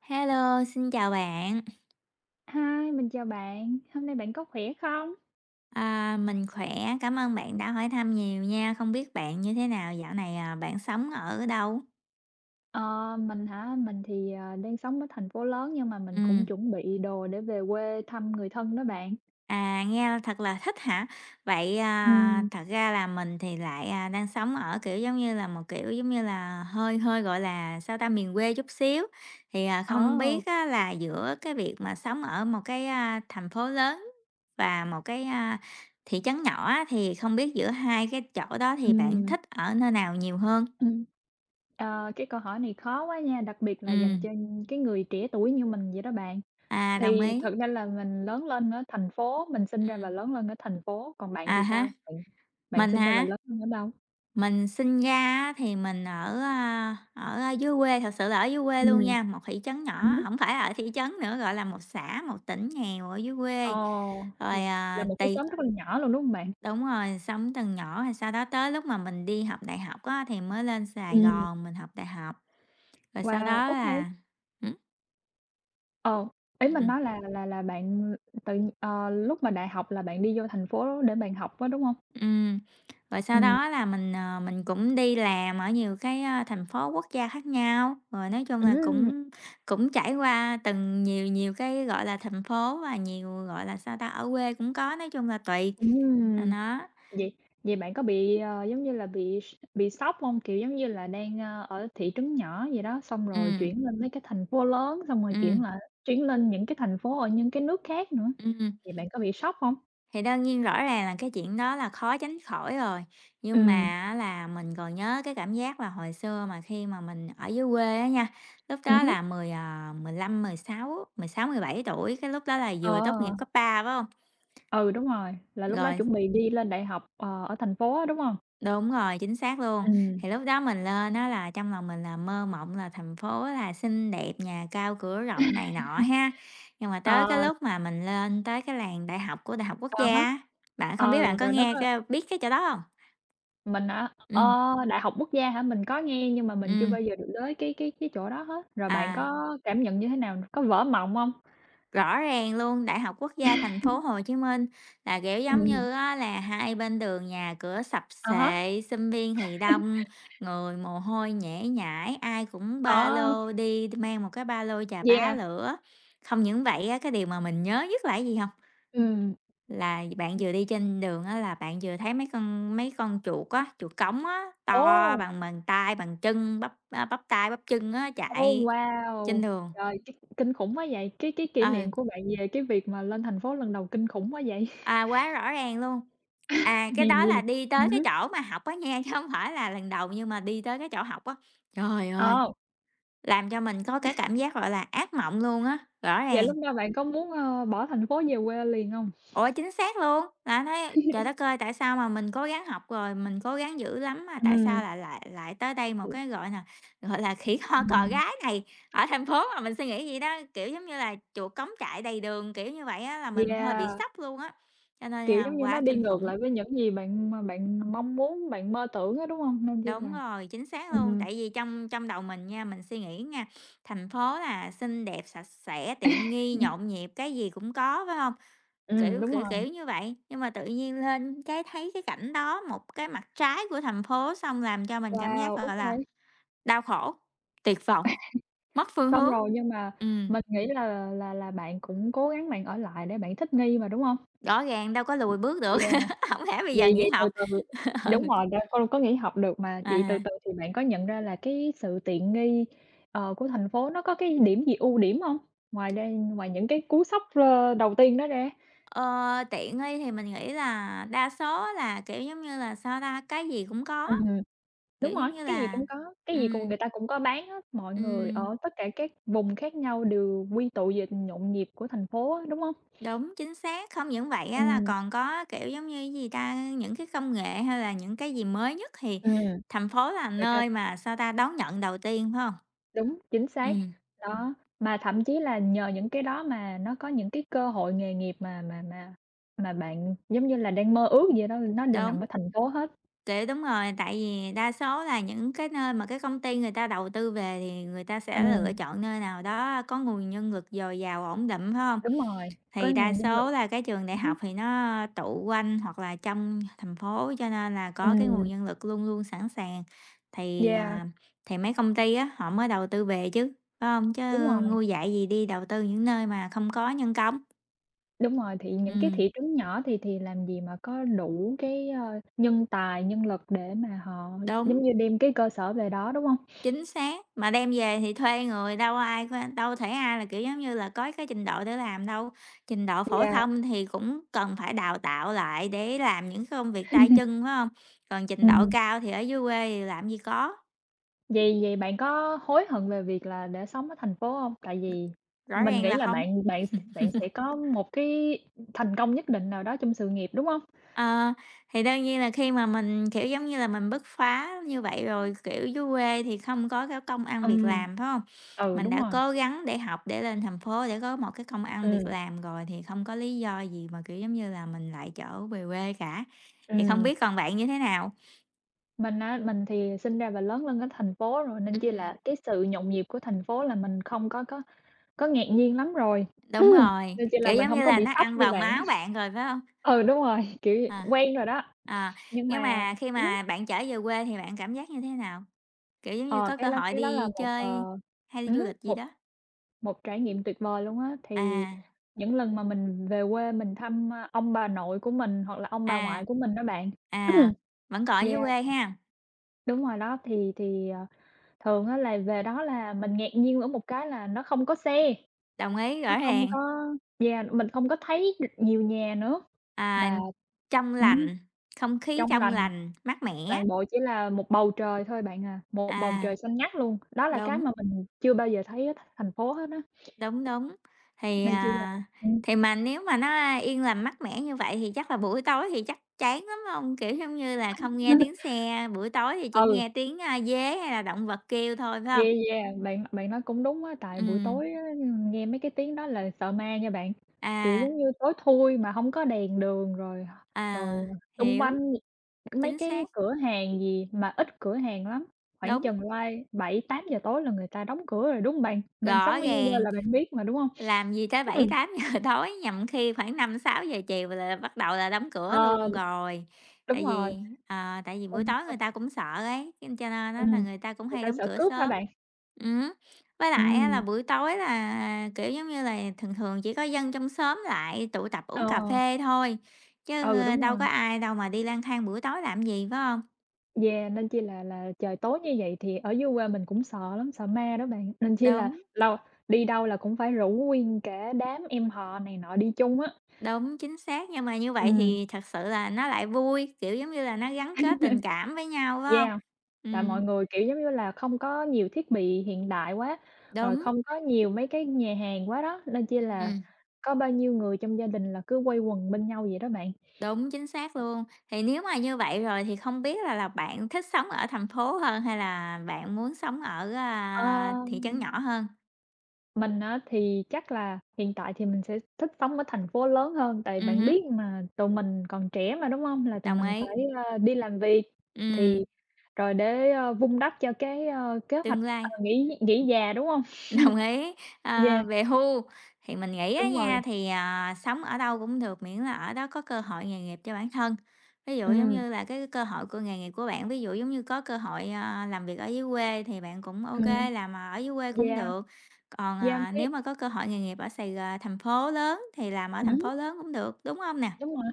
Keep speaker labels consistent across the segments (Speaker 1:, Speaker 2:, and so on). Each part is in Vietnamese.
Speaker 1: Hello, xin chào bạn.
Speaker 2: Hi, mình chào bạn, hôm nay bạn có khỏe không?
Speaker 1: À, mình khỏe, cảm ơn bạn đã hỏi thăm nhiều nha, không biết bạn như thế nào, dạo này, à, bạn sống ở đâu?
Speaker 2: Ờ, mình hả? Mình thì, ờ, đang sống ở thành phố lớn nhưng mà mình cũng
Speaker 1: Ừm.
Speaker 2: chuẩn bị đồ để về quê thăm người thân đó bạn.
Speaker 1: À, nghe thật là thích hả? Vậy, à,
Speaker 2: Ừm.
Speaker 1: thật ra là mình thì lại đang sống ở, kiểu giống như là, một, kiểu giống như là, hơi hơi, gọi là, sao ta, miền quê chút xíu. Thì, à, không
Speaker 2: Ồ!
Speaker 1: biết á, là, giữa cái việc mà sống ở một cái, a, thành phố lớn và một cái, a, thị trấn nhỏ á, thì không biết giữa hai cái chỗ đó thì bạn
Speaker 2: Ừm.
Speaker 1: thích ở nơi nào nhiều hơn?
Speaker 2: Ừ, ờ, cái câu hỏi này khó quá nha, đặc biệt là dành
Speaker 1: Ừm.
Speaker 2: cho cái người trẻ tuổi như mình vậy đó bạn.
Speaker 1: À, đồng
Speaker 2: Thì
Speaker 1: ý.
Speaker 2: thực ra là mình lớn lên ở thành phố, mình sinh ra và
Speaker 1: Ừm.
Speaker 2: lớn lên ở thành phố, còn bạn
Speaker 1: À
Speaker 2: thì
Speaker 1: há,
Speaker 2: sao? Bạn bạn
Speaker 1: mình
Speaker 2: sinh ra và
Speaker 1: hả?
Speaker 2: lớn lên ở đâu?
Speaker 1: Mình sinh ra á thì mình ở, a, ở dưới quê, thật sự là ở dưới quê luôn
Speaker 2: Ừm.
Speaker 1: nha, một thị trấn nhỏ,
Speaker 2: Ừ hứ.
Speaker 1: hổng phải ở thị trấn nữa, gọi là một xã, một tỉnh nghèo ở dưới
Speaker 2: Ờ,
Speaker 1: quê,
Speaker 2: là
Speaker 1: rồi
Speaker 2: là
Speaker 1: à
Speaker 2: một cái
Speaker 1: tì
Speaker 2: xóm rất là nhỏ luôn, đúng hông bạn?
Speaker 1: Đúng rồi, sống từ nhỏ rồi sau đó tới lúc mà mình đi học đại học á, thì mới lên Sài
Speaker 2: Ừm.
Speaker 1: Gòn mình học đại học, rồi sau
Speaker 2: Wow,
Speaker 1: đó
Speaker 2: ô kê.
Speaker 1: là, hử?
Speaker 2: Ồ! Ý mình
Speaker 1: Ừm.
Speaker 2: nói là là là bạn tự, ờ, lúc mà đại học là bạn đi vô thành phố để bạn học á, đúng hông?
Speaker 1: Ừm. Rồi sau
Speaker 2: Ừm.
Speaker 1: đó là mình, ờ, mình cũng đi làm ở nhiều cái, a, thành phố quốc gia khác nhau, rồi nói chung là
Speaker 2: Ừm!
Speaker 1: cũng cũng trải qua từng nhiều nhiều cái, gọi là, thành phố và nhiều, gọi là, sao ta, ở quê cũng có, nói chung là tùy, à,
Speaker 2: Ừm!
Speaker 1: nó.
Speaker 2: Vậy vậy bạn có bị, ờ, giống như là, bị bị sốc hông? Kiểu giống như là đang, a, ở thị trấn nhỏ vậy đó, xong rồi
Speaker 1: Ừm.
Speaker 2: chuyển lên mấy cái thành phố lớn, xong rồi chuyển
Speaker 1: Ừm.
Speaker 2: lại chuyển lên những cái thành phố ở những cái nước khác nữa,
Speaker 1: Ừm.
Speaker 2: vậy bạn có bị sốc hông?
Speaker 1: Thì đương nhiên rõ ràng là cái chuyện đó là khó tránh khỏi rồi, nhưng mà
Speaker 2: Ừm.
Speaker 1: á là, mình còn nhớ cái cảm giác là hồi xưa mà khi mà mình ở dưới quê á nha, lúc
Speaker 2: Ừm
Speaker 1: đó
Speaker 2: hứm.
Speaker 1: là 10, à, 15-16, 16-17 tuổi, cái lúc đó là
Speaker 2: Ờ.
Speaker 1: vừa tốt nghiệp cấp ba, phải hông?
Speaker 2: Ừ, đúng rồi, là lúc đó
Speaker 1: Rồi.
Speaker 2: chuẩn bị đi lên đại học, ờ, ở thành phố á, đúng hông?
Speaker 1: Đúng rồi, chính xác luôn,
Speaker 2: Ừm.
Speaker 1: thì lúc đó mình lên á, là, trong lòng mình là mơ mộng là thành phố là xinh đẹp, nhà cao cửa rộng này nọ ha, nhưng mà tới cái
Speaker 2: Ờ.
Speaker 1: lúc mà mình lên tới cái làng đại học của Đại học Quốc
Speaker 2: À
Speaker 1: Gia
Speaker 2: há.
Speaker 1: á, bạn không biết
Speaker 2: Ờ,
Speaker 1: bạn có
Speaker 2: rồi nó
Speaker 1: nghe,
Speaker 2: có
Speaker 1: a, biết cái chỗ đó hông?
Speaker 2: Mình hả?
Speaker 1: Ừm.
Speaker 2: Ờ, Đại học Quốc gia hả? Mình có nghe nhưng mà mình chưa
Speaker 1: Ừm.
Speaker 2: bao giờ được đới cái cái cái chỗ đó hết. Rồi bạn
Speaker 1: À.
Speaker 2: có cảm nhận như thế nào, có vỡ mộng hông?
Speaker 1: Rõ ràng luôn, Đại học Quốc gia Thành phố Hồ Chí Minh là, kiểu, giống
Speaker 2: Ừ.
Speaker 1: như á, là hai bên đường nhà cửa sập
Speaker 2: À há.
Speaker 1: xệ, sinh viên thì đông, người mồ hôi nhễ nhãi, ai cũng ba
Speaker 2: Ờ.
Speaker 1: lô đi đ mang một cái ba lô chà bá
Speaker 2: Yeah.
Speaker 1: lửa. Không những vậy á, cái điều mà mình nhớ nhất là cái gì hông?
Speaker 2: Ừm.
Speaker 1: Là bạn
Speaker 2: Ừm.
Speaker 1: vừa đi trên đường á là bạn vừa thấy mấy con mấy con chuột á, chuột cống á, to
Speaker 2: Ồ!
Speaker 1: bằng bàn tay, bàn chân, bắp, a, bắp tay, bắp chân á,
Speaker 2: Ôi!
Speaker 1: chạy trên
Speaker 2: Wow!
Speaker 1: đường.
Speaker 2: Trời, kinh kinh khủng quá vậy, cái cái kỷ niệm
Speaker 1: Ừ.
Speaker 2: của bạn về cái việc mà lên thành phố lần đầu kinh khủng quá vậy.
Speaker 1: À, quá rõ ràng luôn. À, cái
Speaker 2: Hèn
Speaker 1: đó
Speaker 2: gì.
Speaker 1: là đi tới
Speaker 2: Ừm
Speaker 1: cái
Speaker 2: hứm.
Speaker 1: chỗ mà học á nha, chứ hông phải là lần đầu, nhưng mà đi tới cái chỗ học á. Trời ơi!
Speaker 2: Ờ.
Speaker 1: Làm cho mình có cái cảm giác gọi là ác mộng luôn á, rõ
Speaker 2: Vậy
Speaker 1: ràng.
Speaker 2: lúc đó bạn có muốn, ờ, bỏ thành phố về quê liền hông?
Speaker 1: Ủa, chính xác luôn. Ta thấy trời đất ơi! Tại sao mà mình cố gắng học rồi, mình cố gắng dữ lắm mà tại
Speaker 2: Ừm.
Speaker 1: sao lại lại lại tới đây một cái gọi là, gọi là, khỉ ho
Speaker 2: Ừm,
Speaker 1: cò
Speaker 2: ừm.
Speaker 1: gáy này. Ở thành phố mà mình suy nghĩ vậy đó, kiểu, giống như là, chuột cống chạy đầy đường, kiểu như vậy á là mình hơi bị
Speaker 2: Yeah.
Speaker 1: sốc luôn á. Cho nên
Speaker 2: Kiểu,
Speaker 1: là
Speaker 2: giống như
Speaker 1: quá
Speaker 2: nó đi
Speaker 1: kinh
Speaker 2: ngược
Speaker 1: khủng!
Speaker 2: lại với những gì bạn mà bạn mong muốn, bạn mơ tưởng á, đúng hông? Nên chi
Speaker 1: Đúng
Speaker 2: là
Speaker 1: rồi, chính xác luôn.
Speaker 2: ừm.
Speaker 1: Tại vì trong trong đầu mình nha, mình suy nghĩ nha, thành phố là xinh đẹp, sạch sẽ, tiện nghi, nhộn nhịp, cái gì cũng có, phải hông?
Speaker 2: Ừm,
Speaker 1: Kiểu
Speaker 2: đúng
Speaker 1: kiểu kiểu
Speaker 2: rồi.
Speaker 1: như vậy. Nhưng mà tự nhiên lên cái thấy cái cảnh đó, một cái mặt trái của thành phố, xong làm cho mình cảm giác,
Speaker 2: Wow!
Speaker 1: gọi là,
Speaker 2: OK.
Speaker 1: đau khổ, tuyệt vọng, mất phương
Speaker 2: Xong
Speaker 1: hướng,
Speaker 2: rồi, nhưng mà
Speaker 1: ừm.
Speaker 2: mình nghĩ là là là bạn cũng cố gắng bạn ở lại để bạn thích nghi mà, đúng hông?
Speaker 1: Rõ ràng đâu có lùi bước được,
Speaker 2: Yeah,
Speaker 1: hổng lẽ bây giờ
Speaker 2: vậy
Speaker 1: nghỉ
Speaker 2: vậy từ
Speaker 1: học,
Speaker 2: từ đúng
Speaker 1: ừ.
Speaker 2: rồi, đâu có có nghỉ học được mà. Vậy từ
Speaker 1: À.
Speaker 2: từ thì bạn có nhận ra là cái sự tiện nghi, ờ, của thành phố nó có cái điểm gì ưu điểm hông? Ngoài đang ngoài những cái cú sốc r đầu tiên đó ra.
Speaker 1: Ờ, tiện nghi thì mình nghĩ là đa số là, kiểu, giống như là, sao ta, cái gì cũng có,
Speaker 2: Ừm hưm, đúng
Speaker 1: kiểu,
Speaker 2: rồi,
Speaker 1: giống như
Speaker 2: cái gì
Speaker 1: là
Speaker 2: cũng có, cái gì cùng
Speaker 1: ừm.
Speaker 2: người ta cũng có bán hết, mọi người
Speaker 1: Ừm.
Speaker 2: ở tất cả các vùng khác nhau đều quy tụ về nhộn nhịp của thành phố á, đúng hông?
Speaker 1: Đúng, chính xác, không những vậy á là
Speaker 2: Ừm.
Speaker 1: còn có, kiểu giống như, cái gì ta, những cái công nghệ hay là những cái gì mới nhất thì
Speaker 2: Ừm,
Speaker 1: thành phố là
Speaker 2: người ta
Speaker 1: nơi mà, sao ta, đón nhận đầu tiên, phải không?
Speaker 2: Đúng, chính xác,
Speaker 1: Ừm.
Speaker 2: đó, mà thậm chí là nhờ những cái đó mà nó có những cái cơ hội nghề nghiệp mà mà mà mà bạn giống như là đang mơ ước vậy đó, nó đều nằm
Speaker 1: Đúng.
Speaker 2: ở thành phố hết.
Speaker 1: Kiểu, đúng rồi. Tại vì đa số là những cái nơi mà cái công ty người ta đầu tư về thì người ta sẽ lựa
Speaker 2: Ừm.
Speaker 1: chọn nơi nào đó có nguồn nhân lực dồi dào, ổn định, phải hông?
Speaker 2: Đúng rồi, có
Speaker 1: Thì đa
Speaker 2: nguồn nhân lực.
Speaker 1: số là cái trường đại
Speaker 2: Ừm hứm.
Speaker 1: học thì nó tụ quanh hoặc là trong thành phố, cho nên là có cái nguồn
Speaker 2: Ừm.
Speaker 1: nhân lực luôn luôn sẵn sàng. Thì,
Speaker 2: Yeah.
Speaker 1: à, thì mấy công ty á, họ mới đầu tư về chứ, phải hông? Chứ
Speaker 2: Đúng rồi.
Speaker 1: ngu dại gì đi đầu tư những nơi mà không có nhân công.
Speaker 2: Đúng rồi. Thì những cái
Speaker 1: Ừm.
Speaker 2: thị trấn nhỏ thì thì làm gì mà có đủ cái, ơ, nhân tài, nhân lực để mà họ
Speaker 1: Đúng.
Speaker 2: giống như, đem cái cơ sở về đó, đúng hông?
Speaker 1: Chính xác, mà đem về thì thuê người, đâu ai có đâu thể ai là kiểu, giống như là có cái trình độ để làm đâu. Trình độ phổ
Speaker 2: Yeah.
Speaker 1: thông thì cũng cần phải đào tạo lại để làm những cái công việc tay chân, phải hông? Còn trình độ
Speaker 2: Ừm.
Speaker 1: cao thì ở dưới quê thì làm gì có.
Speaker 2: Vậy vậy bạn có hối hận về việc là đã sống ở thành phố hông? Tại vì
Speaker 1: Rõ
Speaker 2: mình
Speaker 1: ràng
Speaker 2: nghĩ
Speaker 1: là
Speaker 2: là
Speaker 1: không.
Speaker 2: bạn bạn bạn sẽ có một cái thành công nhất định nào đó trong sự nghiệp, đúng hông?
Speaker 1: Ờ, thì đương nhiên là khi mà mình, kiểu giống như là, mình bứt phá như vậy rồi, kiểu, dưới quê thì không có cái công ăn việc
Speaker 2: Ừm,
Speaker 1: làm, phải hông?
Speaker 2: ừ,
Speaker 1: Mình
Speaker 2: đúng
Speaker 1: đã
Speaker 2: rồi.
Speaker 1: cố gắng để học để lên thành phố, để có một cái công ăn việc
Speaker 2: Ừm.
Speaker 1: làm rồi, thì không có lý do gì mà, kiểu giống như là, mình lại trở về quê cả. Thì không
Speaker 2: Ừm.
Speaker 1: biết còn bạn như thế nào?
Speaker 2: Mình á, mình thì sinh ra và lớn lên ở thành phố rồi, nên chỉ là
Speaker 1: Ừm.
Speaker 2: cái sự nhộn nhịp của thành phố là mình không có có có ngạc nhiên lắm rồi,
Speaker 1: Đúng rồi,
Speaker 2: nên chi là
Speaker 1: kiểu
Speaker 2: mình
Speaker 1: giống
Speaker 2: hông
Speaker 1: như
Speaker 2: có
Speaker 1: là,
Speaker 2: bị
Speaker 1: nó
Speaker 2: sốc
Speaker 1: ăn
Speaker 2: như
Speaker 1: vào
Speaker 2: bạn.
Speaker 1: máu bạn rồi, phải hông?
Speaker 2: Ừ, đúng rồi, kiểu,
Speaker 1: À,
Speaker 2: quen rồi đó,
Speaker 1: à,
Speaker 2: nhưng
Speaker 1: nhưng
Speaker 2: mà
Speaker 1: mà khi
Speaker 2: ừm hứm.
Speaker 1: mà bạn trở về quê thì bạn cảm giác như thế nào? Kiểu giống như,
Speaker 2: Ờ,
Speaker 1: có
Speaker 2: cái
Speaker 1: cơ
Speaker 2: đó
Speaker 1: hội
Speaker 2: cái đó là
Speaker 1: đi
Speaker 2: một,
Speaker 1: chơi
Speaker 2: ờ,
Speaker 1: hay đi
Speaker 2: ừm
Speaker 1: du
Speaker 2: hứm,
Speaker 1: lịch gì
Speaker 2: một
Speaker 1: đó?
Speaker 2: một trải nghiệm tuyệt vời luôn á. Thì
Speaker 1: À.
Speaker 2: những lần mà mình về quê, mình thăm, a, ông bà nội của mình, hoặc là ông bà
Speaker 1: À.
Speaker 2: ngoại của mình đó bạn,
Speaker 1: À, vẫn còn ở dưới
Speaker 2: yeah.
Speaker 1: quê ha.
Speaker 2: Đúng rồi đó thì thì, ờ, thường á, là về đó là mình ngạc nhiên ở một cái là, nó không có xe
Speaker 1: Đồng ý,
Speaker 2: nó
Speaker 1: rõ
Speaker 2: không
Speaker 1: ràng.
Speaker 2: có yeah. Mình không có thấy được nhiều nhà nữa,
Speaker 1: À,
Speaker 2: mà
Speaker 1: trong
Speaker 2: ừm,
Speaker 1: lành. Không khí
Speaker 2: trong
Speaker 1: trong
Speaker 2: lành.
Speaker 1: lành, mát mẻ.
Speaker 2: Toàn bộ chỉ là một bầu trời thôi bạn à, một bầu
Speaker 1: À.
Speaker 2: trời xanh ngắt luôn. Đó là cái
Speaker 1: Đúng.
Speaker 2: mà mình chưa bao giờ thấy ở th thành phố hết á.
Speaker 1: Đúng, đúng, thì,
Speaker 2: Nên chi là
Speaker 1: à,
Speaker 2: ừm.
Speaker 1: thì mà nếu mà nó, a, yên lành, mát mẻ như vậy, thì chắc là buổi tối thì chắc chán lắm hông? Kiểu giống như là, không nghe tiếng xe, buổi tối thì chỉ
Speaker 2: Ừ.
Speaker 1: nghe tiếng, a, dế hay là động vật kêu thôi, phải hông?
Speaker 2: Yeah, yeah. Bạn bạn nói cũng đúng á. Tại buổi
Speaker 1: Ừm.
Speaker 2: tối á, ưm, nghe mấy cái tiếng đó là sợ ma nha bạn. Kiểu
Speaker 1: À.
Speaker 2: giống như tối thui, mà hông có đèn đường, rồi rồi
Speaker 1: À,
Speaker 2: xung
Speaker 1: hiểu.
Speaker 2: quanh mấy
Speaker 1: Chính
Speaker 2: cái
Speaker 1: xác.
Speaker 2: cửa hàng gì mà ít cửa hàng lắm, khoảng
Speaker 1: Đúng.
Speaker 2: chừng lai 7:00-8:00 tối là người ta đóng cửa rồi, đúng hông bạn? Bạn
Speaker 1: Rõ
Speaker 2: sống ở dưới quê
Speaker 1: ràng.
Speaker 2: là bạn biết mà, đúng hông?
Speaker 1: Làm gì tới bảy
Speaker 2: Ừm.
Speaker 1: tám giờ tối, nhằm khi khoảng 5:00-6:00 chiều là bắt đầu là đóng cửa
Speaker 2: Ờ.
Speaker 1: luôn rồi.
Speaker 2: Đúng
Speaker 1: Tại
Speaker 2: rồi.
Speaker 1: vì, ờ, tại vì buổi tối người
Speaker 2: [unintelligible]
Speaker 1: ta cũng sợ ấy, nên cho nên á, là
Speaker 2: Ừm,
Speaker 1: người ta cũng
Speaker 2: người
Speaker 1: hay
Speaker 2: ta
Speaker 1: đóng
Speaker 2: sợ
Speaker 1: cửa
Speaker 2: cướp hả
Speaker 1: sớm,
Speaker 2: bạn?
Speaker 1: ừm hứ. Với lại á là
Speaker 2: Ừm.
Speaker 1: buổi tối là, kiểu giống như là, thường thường, chỉ có dân trong xóm lại tụ tập, uống cà
Speaker 2: Ờ.
Speaker 1: phê thôi, chứ,
Speaker 2: Ừ,
Speaker 1: a,
Speaker 2: đúng
Speaker 1: đâu có
Speaker 2: rồi.
Speaker 1: ai đâu mà đi lang thang buổi tối làm gì, phải hông?
Speaker 2: Yeah, nên chi là là trời tối như vậy thì ở dưới quê mình cũng sợ lắm, sợ ma đó bạn, nên chi là,
Speaker 1: Đúng.
Speaker 2: lâu đi đâu là cũng phải rủ nguyên cả đám em họ này nọ đi chung á.
Speaker 1: Đúng, chính xác. Nhưng mà như vậy
Speaker 2: Ừm.
Speaker 1: thì thật sự là nó lại vui, kiểu, giống như là, nó gắn kết tình cảm với nhau, phải hông?
Speaker 2: Yeah, tại
Speaker 1: Ừm.
Speaker 2: mọi người, kiểu giống như là, không có nhiều thiết bị hiện đại quá, rồi
Speaker 1: Đúng.
Speaker 2: không có nhiều mấy cái nhà hàng quá đó, nên chi là
Speaker 1: Ừm.
Speaker 2: có bao nhiêu người trong gia đình là cứ quây quần bên nhau vậy đó bạn.
Speaker 1: Đúng, chính xác luôn. Thì nếu mà như vậy rồi thì không biết là là bạn thích sống ở thành phố hơn hay là bạn muốn sống ở, a, thị trấn
Speaker 2: Ờm.
Speaker 1: nhỏ hơn?
Speaker 2: Mình á, thì chắc là hiện tại thì mình sẽ thích sống ở thành phố lớn hơn. Tại
Speaker 1: Ừm
Speaker 2: bạn
Speaker 1: hứm.
Speaker 2: biết mà tụi mình còn trẻ mà, đúng hông? Là tụi
Speaker 1: Đồng
Speaker 2: mình
Speaker 1: ý.
Speaker 2: phải, a, đi làm việc,
Speaker 1: Ừm.
Speaker 2: thì, rồi để vun đắp cho cái, a, kế hoạch,
Speaker 1: Tương
Speaker 2: ờ,
Speaker 1: lai.
Speaker 2: nghỉ nghỉ già, đúng hông?
Speaker 1: Đồng ý, ờ,
Speaker 2: Yeah.
Speaker 1: về hưu, thì mình nghĩ á
Speaker 2: Đúng rồi.
Speaker 1: nha, thì, ờ, sống ở đâu cũng được, miễn là ở đó có cơ hội nghề nghiệp cho bản thân. Thí dụ giống
Speaker 2: Ừm.
Speaker 1: như là cái cơ hội của nghề nghiệp của bạn, ví dụ giống như có cơ hội, ờ, làm việc ở dưới quê thì bạn cũng ô
Speaker 2: Ừm.
Speaker 1: kê, làm ở dưới quê cũng
Speaker 2: Yeah.
Speaker 1: được. Còn,
Speaker 2: Yeah
Speaker 1: à,
Speaker 2: phí
Speaker 1: nếu mà có cơ hội nghề nghiệp ở Sài G thành phố lớn thì làm ở
Speaker 2: Ừm
Speaker 1: thành
Speaker 2: hứm.
Speaker 1: phố lớn cũng được, đúng hông nè?
Speaker 2: Đúng rồi.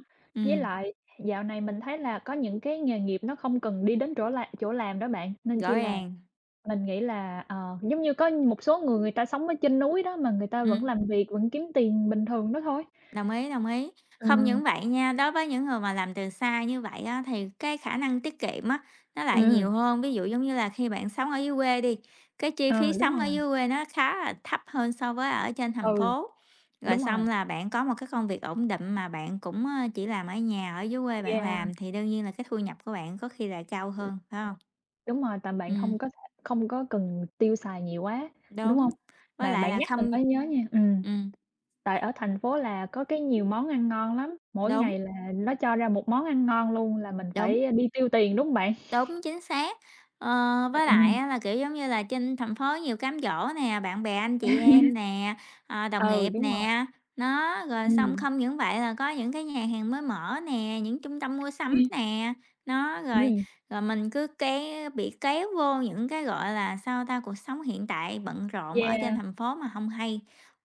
Speaker 2: Với
Speaker 1: Ừm.
Speaker 2: lại dạo này mình thấy là, có những cái nghề nghiệp nó không cần đi đến chỗ là chỗ làm đó bạn, nên
Speaker 1: Rõ
Speaker 2: chi là,
Speaker 1: ràng.
Speaker 2: mình nghĩ là, ờ, giống như có một số người, người ta sống ở trên núi đó, mà người ta vẫn
Speaker 1: Ừm.
Speaker 2: làm việc vẫn kiếm tiền bình thường đó thôi.
Speaker 1: Đồng ý, đồng ý. Không
Speaker 2: Ừm.
Speaker 1: những vậy nha, đối với những người mà làm từ xa như vậy á, thì, cái khả năng tiết kiệm á, nó lại
Speaker 2: Ừm.
Speaker 1: nhiều hơn. Ví dụ giống như là, khi bạn sống ở dưới quê đi, cái chi
Speaker 2: Ờ,
Speaker 1: phí
Speaker 2: đúng
Speaker 1: sống ở
Speaker 2: rồi.
Speaker 1: dưới quê nó khá là thấp hơn so với ở trên thành
Speaker 2: Ừ,
Speaker 1: phố. Rồi
Speaker 2: đúng
Speaker 1: xong
Speaker 2: rồi.
Speaker 1: là bạn có một cái công việc ổn định mà bạn cũng, ờ, chỉ làm ở nhà, ở dưới quê bạn
Speaker 2: Yeah.
Speaker 1: làm thì đương nhiên là cái thu nhập của bạn có khi là cao
Speaker 2: Ừm.
Speaker 1: hơn, phải hông?
Speaker 2: Đúng rồi, tại bạn
Speaker 1: Ừm.
Speaker 2: không có th không có cần tiêu xài nhiều quá, đúng
Speaker 1: Đúng,
Speaker 2: hông?
Speaker 1: với
Speaker 2: Mà
Speaker 1: lại
Speaker 2: bạn
Speaker 1: là
Speaker 2: nhắc mình
Speaker 1: không
Speaker 2: mới nhớ nha, ừm.
Speaker 1: Ừm.
Speaker 2: Tại ở thành phố là có cái nhiều món ăn ngon lắm, mỗi
Speaker 1: Đúng.
Speaker 2: ngày là nó cho ra một món ăn ngon luôn là mình
Speaker 1: Đúng.
Speaker 2: phải đi tiêu tiền, đúng hông bạn?
Speaker 1: Đúng, chính xác. Ờ,
Speaker 2: Ừ,
Speaker 1: với lại
Speaker 2: ừm.
Speaker 1: á là, kiểu, giống như là, trên thành phố nhiều cám dỗ nè, bạn bè, anh chị em nè, ờ, đồng
Speaker 2: Ừ,
Speaker 1: nghiệp
Speaker 2: đúng rồi.
Speaker 1: nè, đó. Rồi xong
Speaker 2: Ừm.
Speaker 1: không những vậy là có những cái nhà hàng mới mở nè, những trung tâm mua sắm
Speaker 2: Ừm.
Speaker 1: nè, đó. Rồi
Speaker 2: Ừm.
Speaker 1: rồi mình cứ ké bị kéo vô những cái, gọi là sao ta, cuộc sống hiện tại bận rộn ở trên
Speaker 2: Yeah.
Speaker 1: thành phố mà hông hay.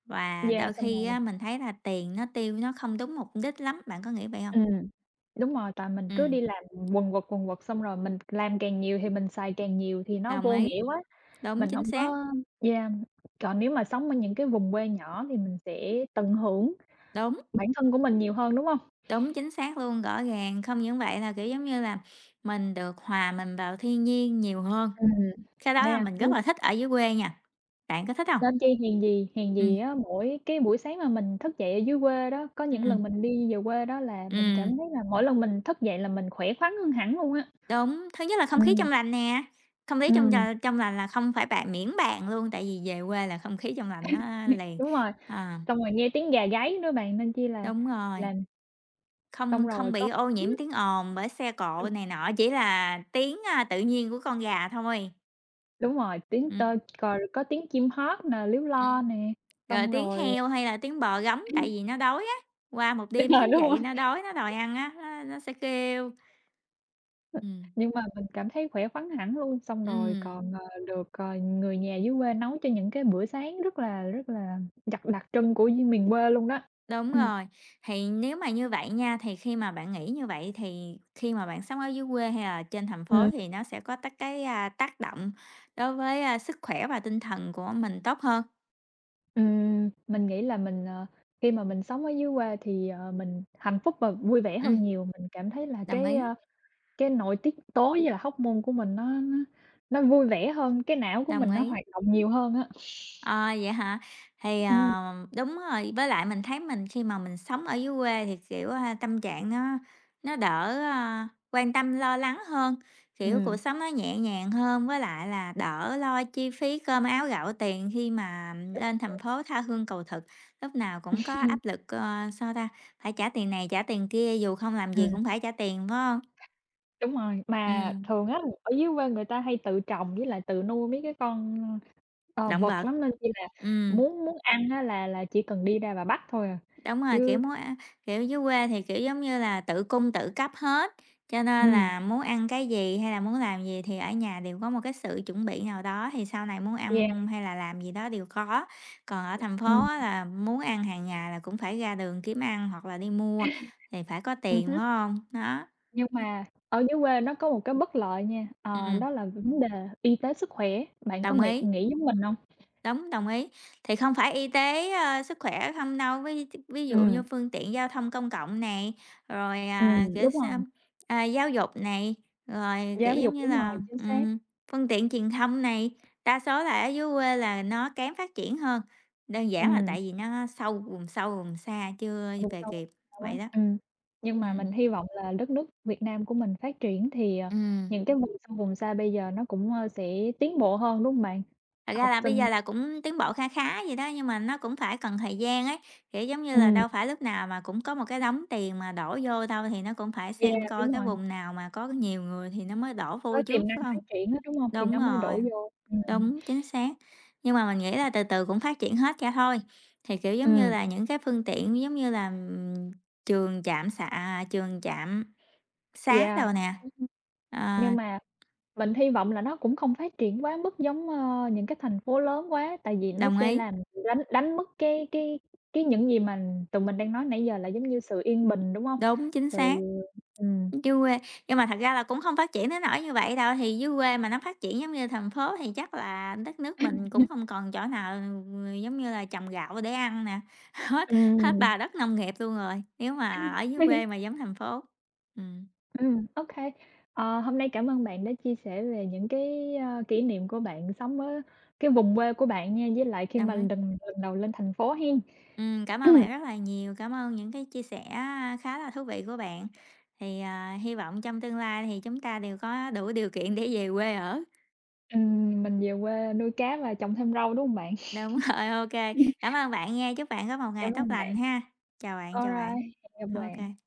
Speaker 1: Và
Speaker 2: Yeah,
Speaker 1: đôi
Speaker 2: xong
Speaker 1: khi á,
Speaker 2: rồi
Speaker 1: mình thấy là tiền nó tiêu nó không đúng mục đích lắm. Bạn có nghĩ vậy hông?
Speaker 2: Ừm, đúng rồi, tại mình cứ đi
Speaker 1: Ừm.
Speaker 2: làm quần quật quần quật xong rồi mình làm càng nhiều thì mình xài càng nhiều thì nó
Speaker 1: Đồng
Speaker 2: vô
Speaker 1: ý.
Speaker 2: nghĩa quá,
Speaker 1: Đúng,
Speaker 2: mình
Speaker 1: chính
Speaker 2: hổng
Speaker 1: xác.
Speaker 2: có yeah. Còn nếu mà sống ở những cái vùng quê nhỏ thì, mình sẽ tận hưởng
Speaker 1: Đúng.
Speaker 2: bản thân của mình nhiều hơn, đúng hông?
Speaker 1: Đúng, chính xác luôn, rõ ràng, không những vậy là, kiểu, giống như là, mình được hòa mình vào thiên nhiên nhiều hơn.
Speaker 2: Ừm,
Speaker 1: Cái đó
Speaker 2: nên
Speaker 1: là
Speaker 2: là
Speaker 1: mình rất
Speaker 2: cứ.
Speaker 1: là thích ở dưới quê nha, bạn có thích hông?
Speaker 2: Nên chi hèn gì hèn
Speaker 1: Ừm.
Speaker 2: gì á, mỗi cái buổi sáng mà mình thức dậy ở dưới quê đó, có những
Speaker 1: Ừm.
Speaker 2: lần mình đi về quê đó, là mình
Speaker 1: Ừm.
Speaker 2: cảm thấy là mỗi lần mình thức dậy là mình khỏe khoắn hơn hẳn luôn á!
Speaker 1: Đúng, thứ nhất là không khí trong
Speaker 2: Ừm.
Speaker 1: lành nè, không khí trong d
Speaker 2: Ừm.
Speaker 1: trong lành là không phải bàn miễn bàn luôn! Tại vì về quê là không khí trong lành nó liền,
Speaker 2: Đúng rồi,
Speaker 1: ờ.
Speaker 2: xong rồi nghe tiếng gà gáy nữa bạn nên chi là,
Speaker 1: Đúng rồi.
Speaker 2: làm Xong
Speaker 1: Không không
Speaker 2: rồi
Speaker 1: bị
Speaker 2: có
Speaker 1: ô nhiễm
Speaker 2: [unintelligible]
Speaker 1: tiếng ồn bởi xe cộ
Speaker 2: Ừm.
Speaker 1: này nọ, chỉ là tiếng, a, tự nhiên của con gà thôi.
Speaker 2: Đúng rồi, tiếng tơ
Speaker 1: Ừm.
Speaker 2: c có tiếng chim hót nè, líu lo
Speaker 1: Ừm.
Speaker 2: nè,
Speaker 1: Rồi
Speaker 2: xong
Speaker 1: tiếng
Speaker 2: rồi
Speaker 1: heo, hay là tiếng bò rống, tại
Speaker 2: Ừm.
Speaker 1: vì nó đói á, qua một đêm
Speaker 2: [unintelligible]
Speaker 1: thức
Speaker 2: Đúng
Speaker 1: dậy
Speaker 2: hông?
Speaker 1: nó đói, nó đòi ăn á, nó nó sẽ kêu. Ừm.
Speaker 2: Nhưng mà mình cảm thấy khỏe khoắn hẳn luôn, xong rồi
Speaker 1: Ừm.
Speaker 2: còn, ờ, được, ờ, người nhà dưới quê nấu cho những cái bữa sáng rất là rất là đặc đặc trưng của như miền quê luôn đó.
Speaker 1: Đúng
Speaker 2: Ừm.
Speaker 1: rồi, thì nếu mà như vậy nha, thì khi mà bạn nghĩ như vậy, thì, khi mà bạn sống ở dưới quê, hay là trên thành phố
Speaker 2: Ừm.
Speaker 1: thì nó sẽ có tác cái à, tác động đối với, a, sức khỏe và tinh thần của mình tốt hơn?
Speaker 2: Ừm, mình nghĩ là mình, ờ, khi mà mình sống ở dưới quê thì, ờ, mình hạnh phúc và vui vẻ
Speaker 1: Ừm.
Speaker 2: hơn nhiều, mình cảm thấy là
Speaker 1: Đồng
Speaker 2: cái,
Speaker 1: ý.
Speaker 2: ờ, cái nội tiết tố với lại hormone của mình nó nó nó vui vẻ hơn, cái não của
Speaker 1: Đồng
Speaker 2: mình nó
Speaker 1: ý.
Speaker 2: hoạt động nhiều hơn á.
Speaker 1: Ờ, vậy hả? Thì,
Speaker 2: Ừm.
Speaker 1: ờ, đúng rồi. Với lại mình thấy mình khi mà mình sống ở dưới quê thì, kiểu, ha, tâm trạng nó nó đỡ, ờ, quan tâm lo lắng hơn, kiểu, cuộc
Speaker 2: Ừm.
Speaker 1: sống nó nhẹ nhàng hơn. Với lại là đỡ lo chi phí cơm áo gạo tiền khi mà
Speaker 2: Đúng
Speaker 1: lên
Speaker 2: rồi.
Speaker 1: thành phố tha hương cầu thực, lúc nào cũng có áp lực, ờ, sao ta, phải trả tiền này, trả tiền kia, dù không làm gì
Speaker 2: Ừm.
Speaker 1: cũng phải trả tiền, phải hông?
Speaker 2: Đúng rồi, mà
Speaker 1: Ừm.
Speaker 2: thường á, ở dưới quê người ta hay tự trồng với lại tự nuôi mấy cái con, ờ,
Speaker 1: Động
Speaker 2: vật
Speaker 1: vật.
Speaker 2: lắm, nên, kiểu như là,
Speaker 1: Ừm.
Speaker 2: muốn muốn ăn á là là chỉ cần đi ra và bắt thôi à,
Speaker 1: Đúng rồi, kiểu,
Speaker 2: chứ
Speaker 1: muốn ăn kiểu, dưới quê thì, kiểu giống như là, tự cung tự cấp hết, cho nên
Speaker 2: Ừm.
Speaker 1: là muốn ăn cái gì hay là, muốn làm gì thì, ở nhà đều có một cái sự chuẩn bị nào đó. Thì sau này muốn ăn,
Speaker 2: Yeah.
Speaker 1: ừm, hay là làm gì đó đều có. Còn ở thành
Speaker 2: Ừm.
Speaker 1: phố á là muốn ăn hàng ngày là cũng phải ra đường kiếm ăn hoặc là đi mua, thì phải có
Speaker 2: Ừm
Speaker 1: tiền,
Speaker 2: hứm.
Speaker 1: phải hông? Đó.
Speaker 2: Nhưng
Speaker 1: Ừm.
Speaker 2: mà ở dưới quê nó có một cái bất lợi nha. Ờ,
Speaker 1: Ừm.
Speaker 2: đó là vấn đề y tế sức khỏe, bạn có
Speaker 1: Đồng
Speaker 2: mỹ
Speaker 1: ý.
Speaker 2: nghĩ giống mình hông?
Speaker 1: Đúng, đồng ý. Thì không phải y tế, ờ, sức khỏe hông đâu. Ví d ví dụ như
Speaker 2: Ừm.
Speaker 1: phương tiện giao thông công cộng này, rồi, à,
Speaker 2: Ừm,
Speaker 1: kiểu
Speaker 2: đúng
Speaker 1: sao,
Speaker 2: rồi.
Speaker 1: à, giáo dục này, rồi, kiểu
Speaker 2: Giáo
Speaker 1: giống
Speaker 2: dục,
Speaker 1: như
Speaker 2: đúng rồi,
Speaker 1: là,
Speaker 2: chính xác.
Speaker 1: ừm, phương tiện truyền thông này. Đa số là ở dưới quê là nó kém phát triển hơn. Đơn giản là
Speaker 2: Ừm.
Speaker 1: tại vì nó sâu vùng sâu vùng xa, chưa
Speaker 2: Vùng
Speaker 1: về
Speaker 2: sâu vùng
Speaker 1: kịp,
Speaker 2: xa
Speaker 1: vậy
Speaker 2: á,
Speaker 1: đó.
Speaker 2: ừm. Nhưng mà
Speaker 1: Ừm.
Speaker 2: mình hy vọng là đất nước Việt Nam của mình phát triển, thì, à,
Speaker 1: Ừm.
Speaker 2: những cái vùng sâu vùng xa bây giờ nó cũng, ờ, sẽ tiến bộ hơn, đúng hông bạn?
Speaker 1: Thật ra
Speaker 2: Học
Speaker 1: là bây
Speaker 2: sinh
Speaker 1: giờ là cũng tiến bộ kha khá vậy đó, nhưng mà nó cũng phải cần thời gian ấy. Kiểu giống như là,
Speaker 2: Ừm.
Speaker 1: đâu phải lúc nào mà cũng có một cái đống tiền mà đổ vô đâu. Thì nó cũng phải
Speaker 2: Yeah,
Speaker 1: xem coi
Speaker 2: đúng
Speaker 1: cái
Speaker 2: rồi.
Speaker 1: vùng nào mà có nhiều người thì nó mới đổ vô
Speaker 2: Có
Speaker 1: trước,
Speaker 2: tiềm năng
Speaker 1: phải hông?
Speaker 2: phát triển á, đúng hông? Thì
Speaker 1: Đúng
Speaker 2: nó mới
Speaker 1: rồi,
Speaker 2: đổ vô. Ừm.
Speaker 1: đúng, chính xác. Nhưng mà mình nghĩ là từ từ cũng phát triển hết cho thôi. Thì, kiểu giống như
Speaker 2: Ừm.
Speaker 1: là, những cái phương tiện giống như là, ừm, trường trạm xạ à, trường, trạm xá
Speaker 2: Yeah.
Speaker 1: đồ nè,
Speaker 2: Ừm hưm.
Speaker 1: ờ.
Speaker 2: Nhưng mà mình hy vọng là nó cũng không phát triển quá mức giống, ờ, những cái thành phố lớn quá, tại vì nó
Speaker 1: Đồng
Speaker 2: sẽ
Speaker 1: ý.
Speaker 2: làm đánh đánh mất cái cái cái những gì mà tụi mình đang nói nãy giờ là giống như sự yên bình, đúng hông?
Speaker 1: Đúng, chính
Speaker 2: Sự
Speaker 1: xác.
Speaker 2: ừm.
Speaker 1: Dưới quê nhưng mà thật ra là cũng hông phát triển đến nỗi như vậy đâu. Thì dưới quê mà nó phát triển giống như thành phố thì chắc là, đất nước mình cũng
Speaker 2: [unintelligible]
Speaker 1: hông còn chỗ nào, ừm, giống như là trồng gạo để ăn nè. Hết hết
Speaker 2: Ừm.
Speaker 1: bà đất nông nghiệp luôn rồi, nếu mà ở
Speaker 2: [unintelligible]
Speaker 1: dưới quê mà giống thành phố, ừm.
Speaker 2: Ừm, ô kê, ờ, hôm nay cảm ơn bạn đã chia sẻ về những cái, ờ, kỷ niệm của bạn sống ở cái vùng quê của bạn nha, với lại khi
Speaker 1: Đồng
Speaker 2: mà
Speaker 1: ý.
Speaker 2: lần lần đầu lên thành phố hén.
Speaker 1: Ừm, cảm ơn bạn rất là nhiều, cảm ơn những cái chia sẻ á khá là thú vị của bạn. Thì, à, hi vọng trong tương lai thì chúng ta đều có đủ điều kiện để về quê ở.
Speaker 2: Ừm, mình về quê nuôi cá và trồng thêm rau, đúng hông bạn?
Speaker 1: Đúng rồi, ô kê, cảm ơn bạn nha, chúc bạn có một ngày
Speaker 2: Cảm
Speaker 1: tốt
Speaker 2: ơn
Speaker 1: lành
Speaker 2: bạn.
Speaker 1: ha. Chào bạn, chào bạn.
Speaker 2: Alright, cảm ơn
Speaker 1: Ô
Speaker 2: bạn.
Speaker 1: kê.